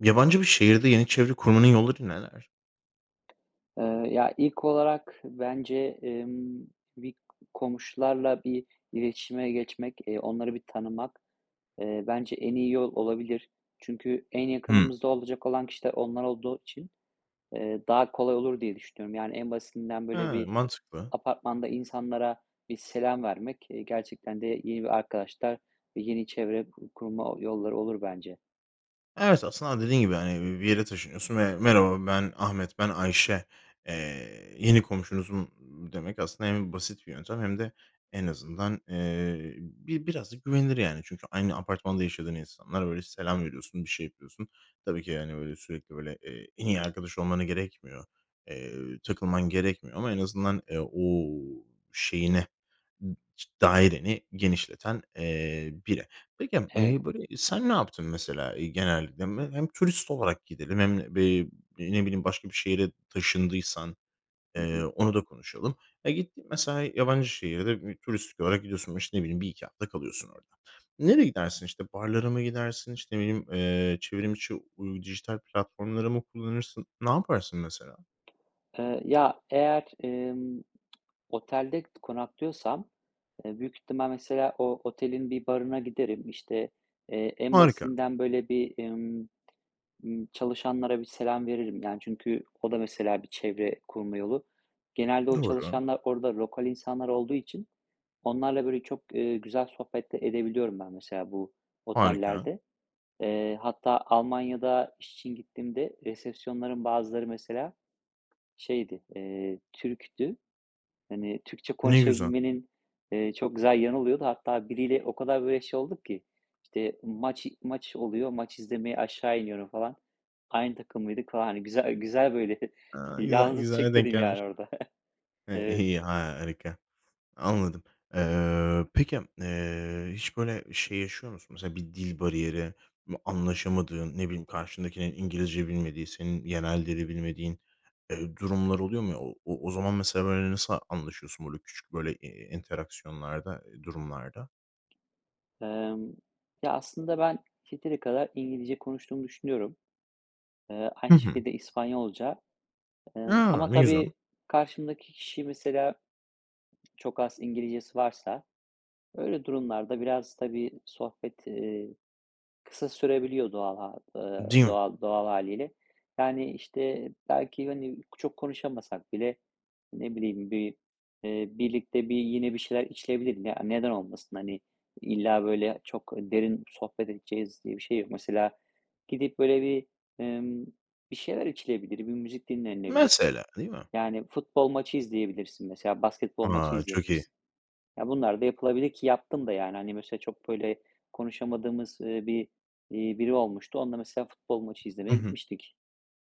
Yabancı bir şehirde yeni çevre kurmanın yolları neler? Iıı, ya, ilk olarak bence, emm, bir komşularla bir iletişime geçmek, eee, onları bir tanımak, eee, bence en iyi yol olabilir. Çünkü en Hımm. yakınımızda olacak olan kişiler onlar olduğu için, eee, daha kolay olur diye düşünüyorum. Yani, en basitinden böyle Ha, bir mantıklı. apartmanda insanlara bir selam vermek, eee, gerçekten de yeni bir arkadaşlar ve yeni çevre ku kurma yolları olur bence. Evet, aslında dediğin gibi, yani, bi bir yere taşınıyorsun ve: "Merhaba, ben Ahmet, ben Ayşe, eee, yeni komşunuzum." demek aslında hem basit bir yöntem hem de en azından, eee, bi biraz da güvenilir, yani. Çünkü aynı apartmanda yaşadığın insanlar böyle selam veriyorsun, bir şey yapıyorsun. Tabii ki, yani, böyle, sürekli, böyle, eee, en iyi arkadaş olmana gerekmiyor, eee, takılman gerekmiyor ama en azından, eee, o şeyine ç daireni genişleten, eee, biri. Peki, Evet. eee, böyle, sen ne yaptın, mesela, eee, genelde? M hem turist olarak gidelim hem b eee, ne bileyim, başka bir şehre taşındıysan, Hı eee, hı. onu da konuşalım. Ya, gittin, mesela, yabancı şehirde bir turistik olarak gidiyorsun. O, işte, ne bileyim, 1-2 hafta kalıyorsun orada. Nereye gidersin? İşte, barlara mı gidersin, işte, ne bileyim, eee, çevrim içi uy dijital platformları mı kullanırsın? Ne yaparsın mesela? Iıı, ya, eğer, emm, otelde konaklıyorsam, eee, büyük ihtimal mesela o otelin bir barına giderim, işte, eee, en Harika. basitinden, böyle, bir, ımm, ımm, çalışanlara bir selam veririm. Yani, çünkü o da, mesela, bir çevre kurma yolu. Genelde o Doğru. çalışanlar orada lokal insanlar olduğu için onlarla, böyle, çok, eee, güzel sohbet de edebiliyorum ben, mesela, bu Harika. otellerde. Eee, hatta Almanya'da iş için gittiğimde resepsiyonların bazıları, mesela, şeydi, eee, Türk'tü. Hani, Türkçe Ne güzel. konuşabilmenin, eee, çok güzel yanı oluyordu. Hatta biriyle o kadar böyle şey olduk ki işte, maç maç oluyor, maç izlemeye aşağı iniyorum falan. Aynı takımlıydık falan, hani, güzel güzel, böyle, Ha, güzel. yalnızlık Güzele denk çekmedim, yani, gelmiş. orada. Eee, Evet. iyi, harika. Anladım. Eee, peki, eee, hiç, böyle, şey, yaşıyor musun? Mesela bir dil bariyeri anlaşamadığın, ne bileyim, karşındakinin İngilizce bilmediği, senin yerel dili bilmediğin, eee, durumlar oluyor mu? O o o zaman mesela, böyle, nasıl anlaşıyorsun, böyle, küçük, böyle, eee, interaksiyonlarda, eee, durumlarda? Emm Ya, aslında ben yeteri kadar İngilizce konuştuğumu düşünüyorum. Eee, Hı aynı hı. şekilde İspanyolca, emm, A! ama Ne güzel. tabii karşımdaki kişi mesela çok az İngilizcesi varsa öyle durumlarda biraz tabii sohbet, eee, kısa sürebiliyor doğal ha eee, Değil mi? doğal doğal hâliyle. Yani, işte, belki, hani, çok konuşamasak bile, ne bileyim, bir, eee, birlikte bir yine bir şeyler içilebilir mi? Ya, neden olmasın? Hani, illa, böyle, çok derin sohbet edeceğiz diye bir şey yok. Mesela, gidip, böyle, bir, ımm, bir şeyler içilebilir, bir müzik dinlenilebilir. Mesela, değil mi? Yani, futbol maçı izleyebilirsin, mesela. Basketbol maçı A, çok iyi. izleyebilirsin. Ya, bunlar da yapılabilir ki yaptım da, yani. Hani, mesela çok, böyle, konuşamadığımız, ııı, bir, iii, biri olmuştu. Onunla, mesela, futbol maçı Hı izlemeye hı. gitmiştik.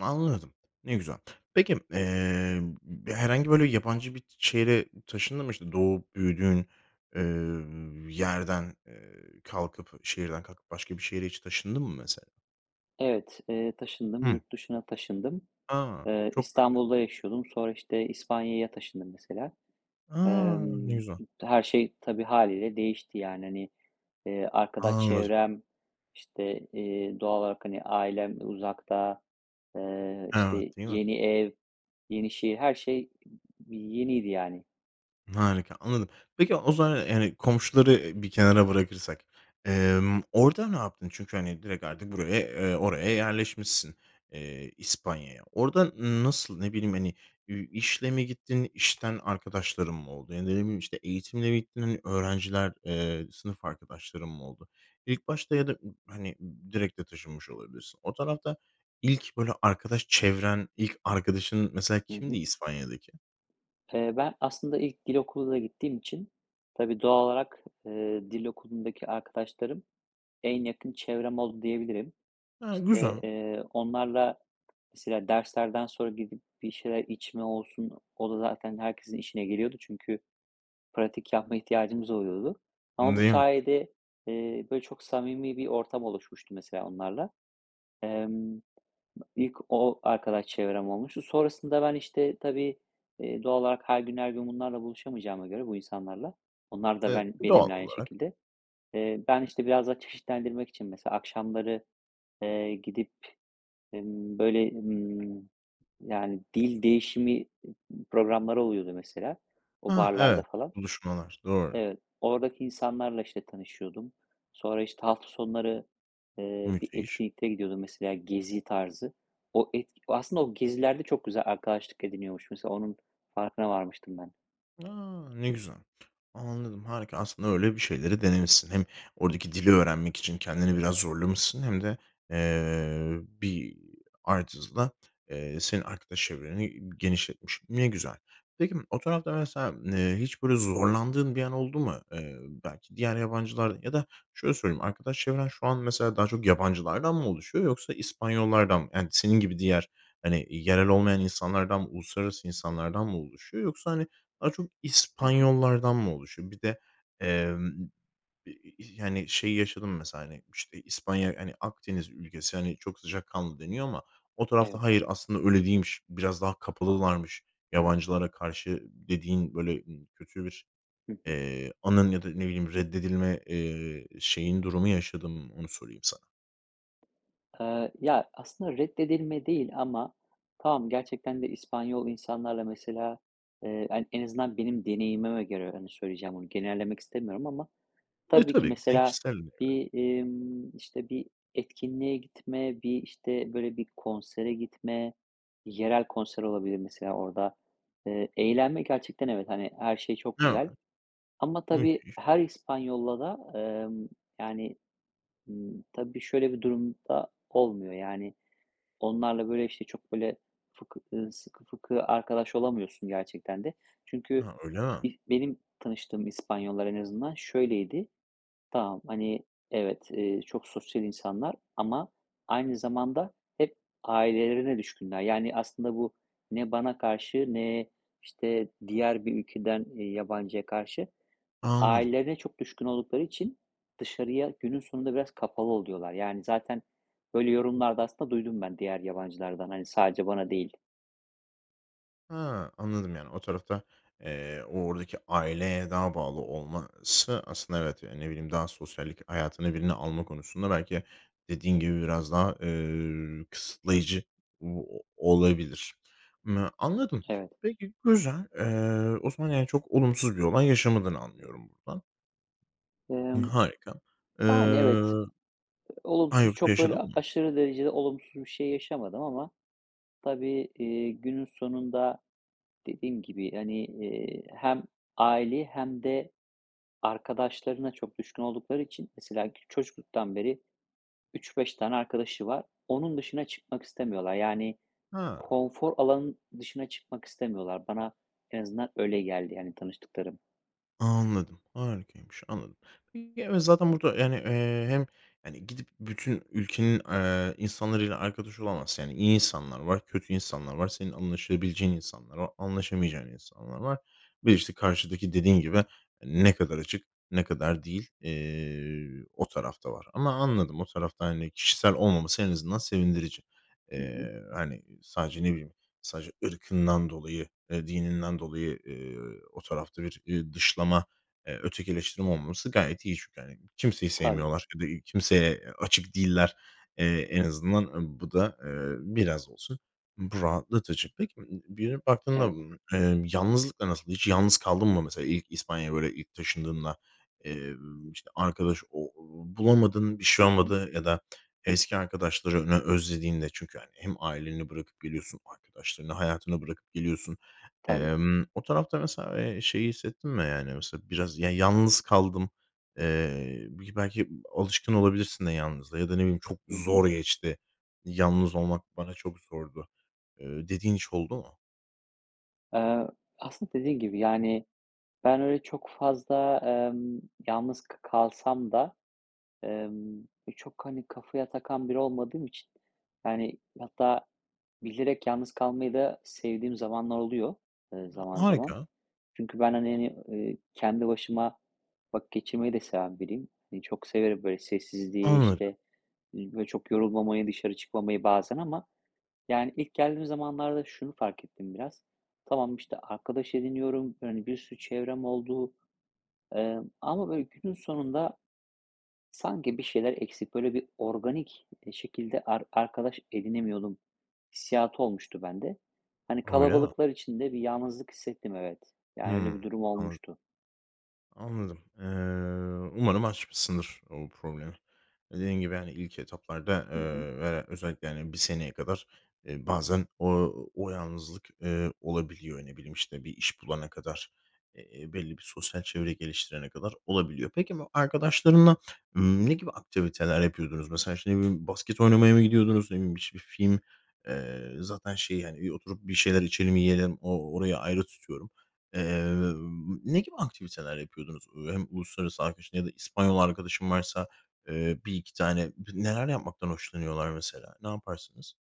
Anladım. Ne güzel. Peki, emm, b b herhangi böyle yabancı bir t şehre taşındın mı? İşte, doğup büyüdüğün, eee, yerden, eee, kalkıp, şehirden kalkıp başka bir şehre hiç taşındın mı, mesela? Evet, eee, taşındım, Hıı. yurt dışına taşındım. A, Eee, çok farklı. İstanbul'da yaşıyordum sonra işte, İspanya'ya taşındım, mesela. A, ne Emm, güzel. her şey tabii hâliyle değişti, yani, hani, eee, arkadaş Anladım. çevrem işte, eee, doğal olarak hani ailem uzakta, eee, Evet, işte değil mi? yeni ev, yeni şey her şey i yeniydi, yani. Harika, anladım. Peki, o zaman, [unintelligible] yani, komşuları, eee, bir kenara bırakırsak, emm, orada ne yaptın? Çünkü, hani, direkt artık buraya, eee, oraya yerleşmişsin, eee, İspanya'ya. Orada n nasıl, ne bileyim, hani, i işle mi gittin, işten arkadaşların mı oldu? Ya da ne bileyim, işte, eğitimle mi gittin öğrenciler, eee, sınıf arkadaşların mı oldu? İlk başta ya da m hani, direkt de taşınmış olabilirsin. O tarafta ilk böyle arkadaş çevren, ilk arkadaşın mesela, Hı hı. kimdi İspanya'daki? Eee, ben aslında ilk dil okuluna gittiğim için tabii doğal olarak, eee, dil okulundaki arkadaşlarım en yakın çevrem oldu, diyebilirim. A, İşte, güzel. eee, onlarla mesela derslerden sonra gidip bir şeyler içme olsun, o da zaten herkesin işine geliyordu. Çünkü pratik yapma ihtiyacımız oluyordu. Ama bu Değil mi? sayede, eee, böyle çok samimi bir ortam oluşmuştu, mesela, onlarla. Emm, ilk o arkadaş çevrem olmuştu. Sonrasında ben, işte, tabii, iii, doğal olarak her gün her gün bunlarla buluşamayacağıma göre, bu insanlarla onlar da E, ben doğal benimle aynı olarak. şekilde. Eee, ben işte biraz daha çeşitlendirmek için mesela akşamları, eee, gidip emm böyle ımm, yani, dil değişimi m programları oluyordu, mesela o Hıı. barlarda Evet, falan. buluşmalar, doğru. Evet, oradaki insanlarla işte tanışıyordum. Sonra işte hafta sonları, eee, bir Müthiş. etkinlikte gidiyordum mesela, gezi tarzı. O etki aslında o gezilerde çok güzel arkadaşlık ediniyormuş. Mesela, onun farkına varmıştım ben. A! Ne güzel. Anladım, harika. Aslında öyle bir şeyleri denemişsin. Hem oradaki dili öğrenmek için kendini biraz zorlamışsın hem de, eee, bir artısı da, eee, senin arkadaş çevreni genişletmiş. Ne güzel. Peki, m o tarafta mesela, eee, hiç, böyle, zorlandığın bir an oldu mu? Eee, belki diğer yabancılar ya da şöyle söyleyeyim, arkadaş çevren şu an mesela daha çok yabancılardan mı oluşuyor yoksa İspanyollardan mı, yani, senin gibi diğer, hani, yerel olmayan insanlardan mı uluslararası insanlardan mı oluşuyor yoksa, hani, daha çok Hı hı. İspanyollardan mı oluşuyor? Bir de, emm, i i i yani, şey yaşadın mı mesela, hani, işte, İspanya, hani, Akdeniz ülkesi, hani, çok sıcakkanlı deniyor ama o Evet. tarafta hayır aslında öyle değilmiş, biraz daha kapalılarmış yabancılara karşı dediğin, böyle, ı kötü bir, Hı hı. eee, anın ya da ne bileyim reddedilme, eee, şeyin, durumu yaşadın mı? Onu sorayım sana. Eee, ya, aslında reddedilme değil ama Tamam, gerçekten de İspanyol insanlarla, mesela, eee, an en azından benim deneyimime göre, yani, söyleyeceğim bunu, genellemek istemiyorum ama Eee, tabii ki tabii ki [unintelligible] mesela kişisel bir evre. bir, imm, işte, bir etkinliğe gitme, bir, işte, böyle, bir konsere gitme, yerel konser olabilir mesela orada. Eee, eğlenme gerçekten evet, hani, her şey çok Evet. güzel ama tabii, Müthiş. her İspanyol'la da, emm, yani, ımm, tabii, şöyle bir durumda olmuyor, yani. Onlarla, böyle, işte, çok, böyle, fıkı ııı, sıkı fıkı arkadaş olamıyorsun gerçekten de. Çünkü Ha, öyle mi? ilk benim tanıştığım İspanyollar en azından şöyleydi, tamam, hani, evet, eee, çok sosyal insanlar ama aynı zamanda hep ailelerine düşkünler. Yani, aslında bu ne bana karşı ne, işte, diğer bir ülkeden, eee, yabancıya karşı. Anladım. Ailelerine çok düşkün oldukları için dışarıya günün sonunda biraz kapalı oluyorlar. Yani, zaten, böyle, yorumlarda aslında duydum ben diğer yabancılardan. Hani, sadece bana değil. Ha, anladım. Yani, o tarafta, eee, o oradaki aileye daha bağlı olması aslında evet, yani, ne bileyim, daha sosyallik hayatına birini alma konusunda belki dediğin gibi biraz daha, eee, kısıtlayıcı o olabilir. Imm, anladım. Evet. Peki, güzel. Eee, o zaman, yani, çok olumsuz bir olay yaşamadığını anlıyorum buradan. Iıı, Emm, harika. yani, evet. Iıı Eee, A, olumsuz, yoksa çok, böyle, yaşadın a mı? aşırı derecede olumsuz bir şey yaşamadım ama tabii, iii, günün sonunda dediğim gibi, hani, eee, hem aileye hem de arkadaşlarına çok düşkün oldukları için, mesela kü çocukluktan beri 3-5 tane arkadaşı var. Onun dışına çıkmak istemiyorlar. Yani, Hıı. konfor alanın dışına çıkmak istemiyorlar. Bana en azından öyle geldi, yani, tanıştıklarım. Anladım, harikaymış. Anladım. Ya, evet, zaten burada, yani, eee, hem, hani, gidip bütün ülkenin, eee, insanlarıyla arkadaş olamazsın. Yani, iyi insanlar var, kötü insanlar var. Senin anlaşabileceğin insanlar var, anlaşamayacağın insanlar var. Ve, işte, karşıdaki, dediğin gibi, ne kadar açık, ne kadar değil, eee, o taraf da var. Ama anladım, o tarafta, hani, kişisel olmaması en azından sevindirici. Hı hı. Eee, hani, sadece ne bileyim, sadece ırkından dolayı, eee, dininden dolayı, eee, o tarafta bir, ııı, dışlama, eee, ötekileştirme olmaması gayet iyi. Çünkü, hani, kimseyi Tabii. sevmiyorlar ya da kimseye, eee, açık değiller. Eee, en azından, ııı, bu da, eee, biraz olsun bu rahatlatıcı. Peki, ımm, bir dönüp baktığında, Evet. ımm, emm, yalnızlıkla nasıl? Hiç yalnız kaldın mı, mesela, ilk İspanya'ya, böyle, ilk taşındığında, eee, işte, arkadaş o bulamadın, bir şey Hı hı. olmadı ya da eski arkadaşlarını özlediğinde? Çünkü, hani, hem aileni bırakıp geliyorsun, arkadaşlarını, hayatını bırakıp geliyorsun. Tabii. Emm, o tarafta mesela, eee, şeyi hissettin mi, yani, mesela, biraz ya yalnız kaldım? Eee, bi belki alışkın olabilirsin de yalnızlığa. Ya da, ne bileyim, "Çok Hı hı. zor geçti. Yalnız olmak bana çok zordu" eee, dediğin hiç oldu mu? Eee, aslında dediğin gibi, yani, ben öyle çok fazla, emm, yalnız k kalsam da, emm, e, çok, hani, kafaya takan biri olmadığım için, yani, hatta bilerek yalnız kalmayı da sevdiğim zamanlar oluyor, ııı, zaman zaman. Harika. Çünkü ben, hani, yani, eee, kendi başıma vakit geçirmeyi de seven biriyim. Hani, çok severim, böyle, sessizliği, Anladım. işte, iii, böyle, çok yorulmamayı, dışarı çıkmamayı bazen ama yani, ilk geldiğim zamanlarda şunu fark ettim biraz. Tamam, işte, arkadaş ediniyorum. Hani, bir sürü çevrem oldu. Emm, ama böyle günün sonunda sanki bir şeyler eksik, böyle, bir organik, eee, şekilde ar arkadaş edinemiyordum hissiyatı olmuştu bende. Hani, Öyle mi? kalabalıklar içinde bir yalnızlık hissettim, evet, yani, öyle bir Hımm durum anladım. olmuştu. Anladım. Eee, umarım aşmışsındır o problemi. Dediğin gibi, hani, ilk etaplarda, Hı hı. eee, ve de özellikle, hani, 1 seneye kadar, eee, bazen o o yalnızlık, eee, olabiliyor. Ne bileyim, işte, bir iş bulana kadar, eee, belli bir sosyal çevre geliştirene kadar olabiliyor. Peki, bu arkadaşlarınla, ımm, ne gibi aktiviteler yapıyordunuz? Mesela, işte, ne bileyim, basket oynamaya mı gidiyordunuz, ne bileyim biş bir film eee, zaten şeyi, hani, bir oturup bir şeyler içelim, yiyelim o orayı ayrı tutuyorum. Eee, ne gibi aktiviteler yapıyordunuz? Ö hem uluslararası arkadaşın ya da İspanyol arkadaşın varsa, eee, 1-2 tane neler yapmaktan hoşlanıyorlar mesela? Ne yaparsınız?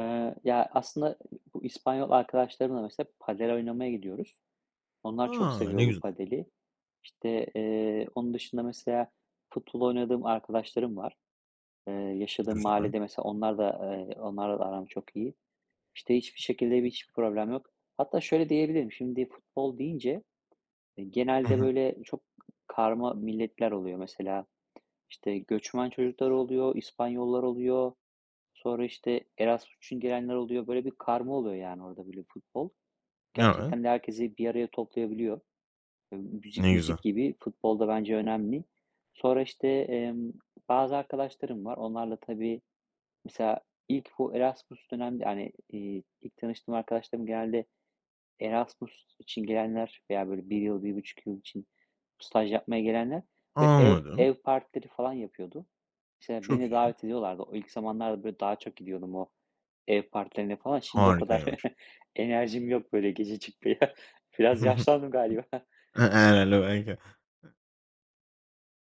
Eee, ya, aslında bu İspanyol arkadaşlarımla mesela padel oynamaya gidiyoruz. Onlar çok A! Ne seviyor bu güzel. padeli. İşte, eee, onun dışında mesela futbol oynadığım arkadaşlarım var, eee, yaşadığım Güzel. mahallede. Mesela onlar da eee, onlarla da aram çok iyi. İşte, hiçbir şekilde bir hiçbir problem yok. Hatta şöyle diyebilirim. Şimdi futbol deyince, eee, Hı genelde, hı. böyle, çok karma milletler oluyor. Mesela, işte, göçmen çocukları oluyor, İspanyollar oluyor, sonra, işte, Erasmus için gelenler oluyor. Böyle bir karma oluyor, yani, orada, böyle, futbol. Evet. Gerçekten de herkesi bir araya toplayabiliyor. Eee, müzik Ne güzel. müzik gibi futbol da bence önemli. Sonra işte, emm, bazı arkadaşlarım var. Onlarla tabii mesela ilk bu Erasmus dönemde hani, iii, ilk tanıştığım arkadaşlarım genelde Erasmus için gelenler veya, böyle, 1 yıl, 1,5 yıl için staj yapmaya gelenler ve ev Anladım. ev partileri falan yapıyordu. Mesela, Çok beni de iyi. davet ediyorlardı. O ilk zamanlarda, böyle, daha çok gidiyordum o ev partilerine falan. Şimdi o kadar Harikaymış. enerjim yok böyle gece çıkmaya. Biraz yaşlandım galiba. [unintelligible] Belki.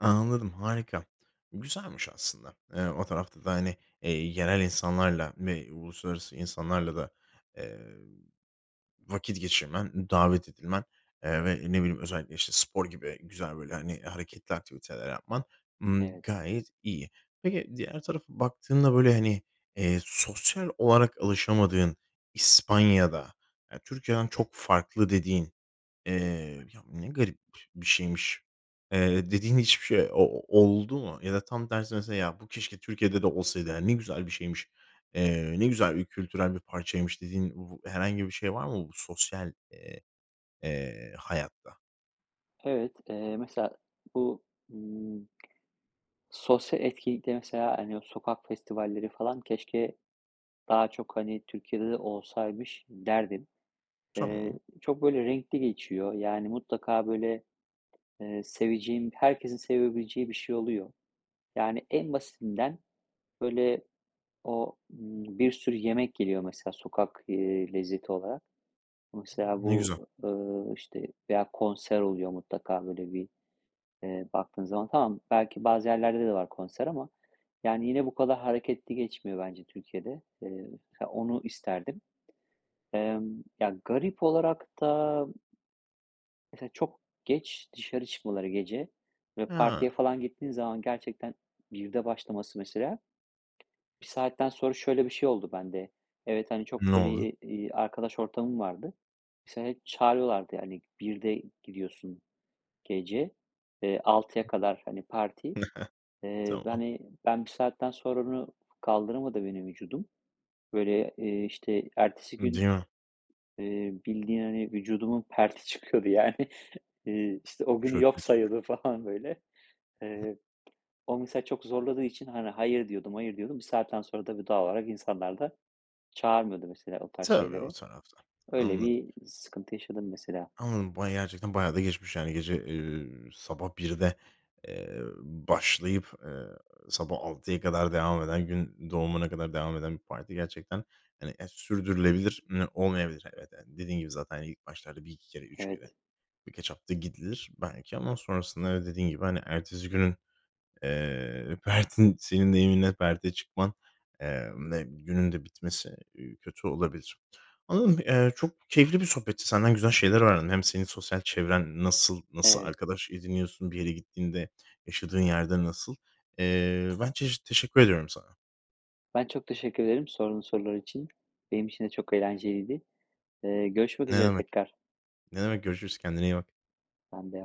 Anladım, harika. Güzelmiş aslında. Eee, o tarafta da, hani, eee, yerel insanlarla m uluslararası insanlarla da, eee, vakit geçirmen, davet edilmen, eee, ve, ne bileyim, özellikle, işte, spor gibi güzel, böyle, hani, hareketli aktiviteler yapman, ımm, Evet. gayet iyi. Peki, diğer tarafa baktığında, böyle, hani, eee, sosyal olarak alışamadığın İspanya'da, eee, Türkiye'den çok farklı dediğin, eee, "ya, ne garip bir şeymiş" eee, dediğin hiçbir şey o oldu mu? Ya da tam tersi mesela "Ya, bu keşke Türkiye'de de olsaydı, hani, ne güzel bir şeymiş, eee, ne güzel bir kültürel bir parçaymış." dediğin vu herhangi bir şey var mı bu sosyal, eee, eee, hayatta? Evet, eee, mesela, bu, ımm, sosyal etkinlikte, mesela, hani, o sokak festivalleri, falan, keşke daha çok, hani, Türkiye'de de olsaymış derdim. Eee, Tamam. çok böyle renkli geçiyor. Yani, mutlaka, böyle, eee, seveceğim, herkesin sevebileceği bir şey oluyor. Yani, en basitinden böyle, o bir sürü yemek geliyor, mesela, sokak, eee, lezzeti olarak. O, mesela, Ne güzel. bu, ııı, işte, veya konser oluyor mutlaka böyle bir, eee, baktığın zaman. Tamam, belki bazı yerlerde de var konser. Ama, yani, yine bu kadar hareketli geçmiyor bence Türkiye'de. Eee, mesela, onu isterdim. Emm, ya, garip olarak da Mesela, çok geç dışarı çıkmaları gece ve Hıı. partiye, falan, gittiğin zaman gerçekten 1'de başlaması, mesela, 1 saatten sonra şöyle bir şey oldu bende. Evet, hani, çok Ne böyle, oldu? eee, iii, arkadaş ortamım vardı. Mesela hep çağırıyorlardı. Yani, 1'de gidiyorsun gece, eee, 6'ya kadar, hani, parti. Eee, Tamam. hani, ben 1 saatten sonra onu kaldıramadı beni vücudum. Böyle, eee, işte, ertesi Değil gün, mi? eee, bildiğin, hani, vücudumun perti çıkıyordu, yani. Eee, işte, o günü Çok yok kötüymüş. sayıyordum, falan, böyle. Eee, o, mesela, çok zorladığı için, hani, hayır diyordum, hayır diyordum. Bir saatten sonra da doğal olarak insanlar da çağırmıyordu, mesela, o tarz Tabii. O şeylere. tarafta. Öyle Anladım. bir sıkıntı yaşadım, mesela. Anladım, bayağı, gerçekten bayağı da geçmiş, yani, gece, eee, sabah 1'de, eee, başlayıp. Eee, sabah 6'ya kadar devam eden, gün doğumuna kadar devam eden bir parti gerçekten, hani, a sürdürülebilir mi, olmayabilir, evet. Dediğin gibi zaten ilk başlarda 1-2 kere, 3 kere, Evet. bir kaç hafta gidilir belki. Ama sonrasında da dediğin gibi ertesi günün, eee, pertin senin deyiminle perte çıkman, eee, ve günün de bitmesi, ııı, kötü olabilir. Anladım, ııı, yani, çok keyifli bir sohbetti, senden güzel şeyler öğrendim. Hem seni sosyal çevren nasıl, nasıl Evet. arkadaş ediniyorsun, bir yere gittiğinde, yaşadığın yerde nasıl? Eee, ben çeşi teşekkür ediyorum sana. Ben çok teşekkür ederim, sorduğun sorular için. Benim için de çok eğlenceliydi. Eee, görüşmek Ne üzere demek, tekrar. ne demek görüşürüz, kendine iyi bak. Ben de.